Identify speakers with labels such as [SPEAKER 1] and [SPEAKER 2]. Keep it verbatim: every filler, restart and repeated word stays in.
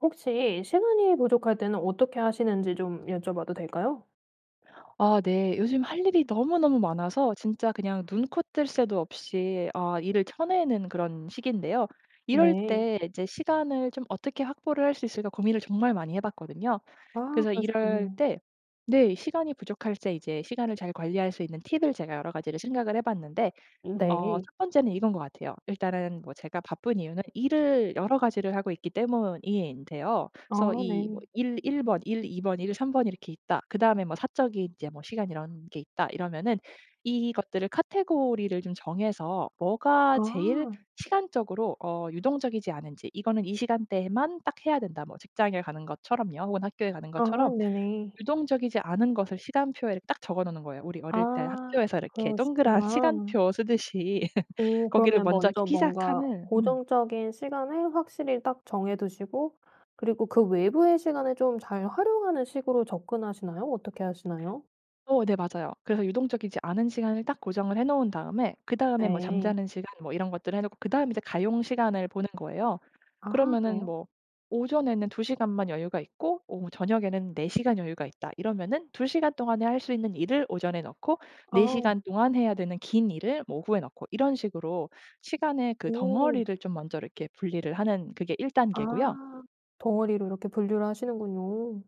[SPEAKER 1] 혹시 시간이 부족할 때는 어떻게 하시는지 좀 여쭤봐도 될까요?
[SPEAKER 2] 아 네. 요즘 할 일이 너무너무 많아서 진짜 그냥 눈코 뜰 새도 없이 아 일을 쳐내는 그런 시기인데요. 이럴
[SPEAKER 1] 네.
[SPEAKER 2] 때 이제 시간을 좀 어떻게 확보를 할 수 있을까 고민을 정말 많이 해 봤거든요.
[SPEAKER 1] 아
[SPEAKER 2] 그래서 이럴
[SPEAKER 1] 그러셨군요.
[SPEAKER 2] 때 네 시간이 부족할 때 이제 시간을 잘 관리할 수 있는 팁을 제가 여러 가지를 생각을 해 봤는데
[SPEAKER 1] 음
[SPEAKER 2] 어
[SPEAKER 1] 네.
[SPEAKER 2] 첫 번째는 이거인 것 같아요. 일단은 뭐 제가 바쁜 이유는 일을 여러 가지를 하고 있기 때문인데요. 그래서
[SPEAKER 1] 아
[SPEAKER 2] 이 뭐
[SPEAKER 1] 네.
[SPEAKER 2] '일 일 번, 일 이 번, 일 삼 번 이렇게 있다.' 그다음에 뭐 '사적인 이제 뭐 시간 이런 게 있다.' 이러면은 이것들을 카테고리를 좀 정해서 뭐가 제일
[SPEAKER 1] 아.
[SPEAKER 2] 시간적으로 어 유동적이지 않은지 '이거는 이 시간대에만 딱 해야 된다.' 뭐 직장에 가는 것처럼요. 혹은 학교에 가는
[SPEAKER 1] 아
[SPEAKER 2] 것처럼
[SPEAKER 1] 네네.
[SPEAKER 2] 유동적이지 않은 것을 시간표에 딱 적어 놓는 거예요. 우리 어릴 때
[SPEAKER 1] 아
[SPEAKER 2] 학교에서 이렇게 동그란
[SPEAKER 1] 그러시구나.
[SPEAKER 2] 시간표 쓰듯이
[SPEAKER 1] 오.
[SPEAKER 2] 거기를
[SPEAKER 1] 그러면
[SPEAKER 2] 먼저 이렇게
[SPEAKER 1] 먼저
[SPEAKER 2] 피자
[SPEAKER 1] 뭔가
[SPEAKER 2] 칸을 음.
[SPEAKER 1] 고정적인 시간을 확실히 딱 정해 두시고 그리고 그 외부의 시간을 좀 잘 활용하는 식으로 접근하시나요? 어떻게 하시나요?
[SPEAKER 2] 어 네. 맞아요. 그래서 유동적이지 않은 시간을 딱 고정을 해 놓은 다음에 그다음에 뭐
[SPEAKER 1] 네.
[SPEAKER 2] 잠자는 시간 뭐 이런 것들을 해 놓고 그다음에 이제 가용 시간을 보는 거예요.
[SPEAKER 1] 아
[SPEAKER 2] 그러면은
[SPEAKER 1] 그래요?
[SPEAKER 2] 뭐 '오전에는 두 시간만 여유가 있고 오후, 저녁에는 네 시간 여유가 있다.' 이러면은 두 시간 동안에 할 수 있는 일을 오전에 넣고 네
[SPEAKER 1] 아.
[SPEAKER 2] 시간 동안 해야 되는 긴 일을 뭐 오후에 넣고 이런 식으로 시간의 그
[SPEAKER 1] 오.
[SPEAKER 2] 덩어리를 좀 먼저 이렇게 분리를 하는 그게 일 단계고요.
[SPEAKER 1] 아 덩어리로 이렇게 분류를 하시는군요.